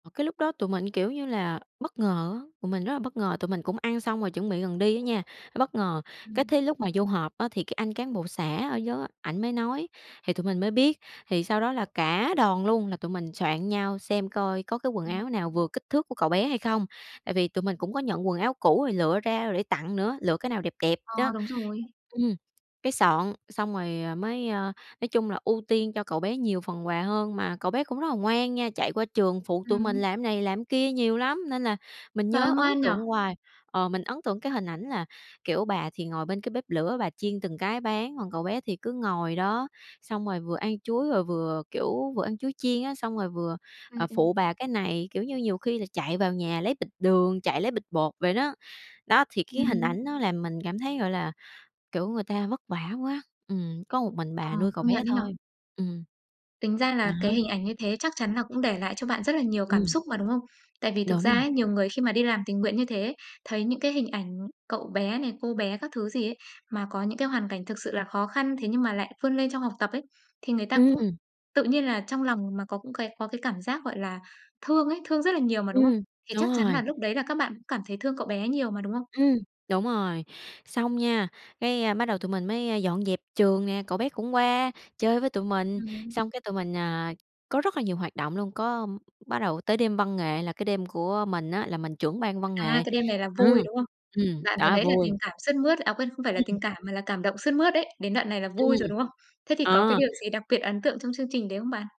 Ờ, cái lúc đó tụi mình, kiểu như là, bất ngờ á, tụi mình rất là bất ngờ, tụi mình cũng ăn xong rồi chuẩn bị gần đi á nha, bất ngờ. Cái Ừm. thế lúc mà vô họp á thì cái anh cán bộ xã ở [unintelligible] ảnh mới nói, thì tụi mình mới biết, thì sau đó là cả đoàn luôn là tụi mình soạn nhau xem coi có cái quần Ừm. áo nào vừa kích thước của cậu bé hay không. Tại vì tụi mình cũng có nhận quần áo cũ rồi lựa ra để tặng nữa, lựa cái nào đẹp đẹp Ờ, đó, đúng rồi. ừm, cái soạn xong rồi, ờ, mới, ơ nói chung là ưu tiên cho cậu bé nhiều phần quà hơn, mà cậu bé cũng rất là ngoan nha, chạy qua trường phụ tụi mình Ừm. làm này, làm kia nhiều lắm, nên là mình Trời ơi, nhớ ấn ngoan nhỉ? tượng hoài. Ờ, mình ấn tượng cái hình ảnh là, kiểu, bà thì ngồi bên cái bếp lửa, bà chiên từng cái bán, còn cậu bé thì cứ ngồi đó, xong rồi vừa ăn chuối rồi và vừa, kiểu, vừa ăn chuối chiên á, xong rồi vừa, À, à, ừm. phụ bà cái này, kiểu như, nhiều khi là chạy vào nhà lấy bịch đường, chạy lấy bịch bột vậy đó. Đó, thì cái hình Ừm. ảnh nó làm mình cảm thấy, gọi là, kiểu, người ta vất vả quá, ừm, có một mình Ờ, bà nuôi cậu công bé nhận ấy nhỉ? thôi, ừm. Tính ra là Đó. cái hình ảnh như thế chắc chắn là cũng để lại cho bạn rất là nhiều cảm Ừm. xúc mà, đúng không? Tại vì thực Đúng ra rồi. ấy, nhiều người khi mà đi làm tình nguyện như thế ấy, thấy những cái hình ảnh cậu bé này, cô bé các thứ gì ấy mà có những cái hoàn cảnh thực sự là khó khăn, thế nhưng mà lại vươn lên trong học tập ấy, thì người ta cũng Ừm. tự nhiên là trong lòng mà có cũng cái có cái cảm giác, gọi là, thương ấy, thương rất là nhiều mà, đúng không? Ừm, Thì đúng chắc chắn rồi. là lúc đấy là các bạn cũng cảm thấy thương cậu bé nhiều mà, đúng không? Ừm, đúng rồi, xong nha, cái, a, bắt đầu tụi mình mới, a, dọn dẹp trường nè, cậu bé cũng qua chơi với tụi mình, Ừm. xong cái tụi mình, à, có rất là nhiều hoạt động luôn, có bắt đầu tới đêm văn nghệ là cái đêm của mình á là mình trưởng ban văn À, nghệ. cái đêm này là Ừ, vui, đúng không? ừm, Đoạn vừa đó, nãy là vui. tình cảm sướt mướt, à quên không phải là tình Ừm. cảm, mà là cảm động sướt mướt đấy, đến đoạn này là vui Ừm, rồi, đúng không? Thế thì có cái ờ. điều gì đặc biệt ấn tượng trong chương trình đấy không bạn?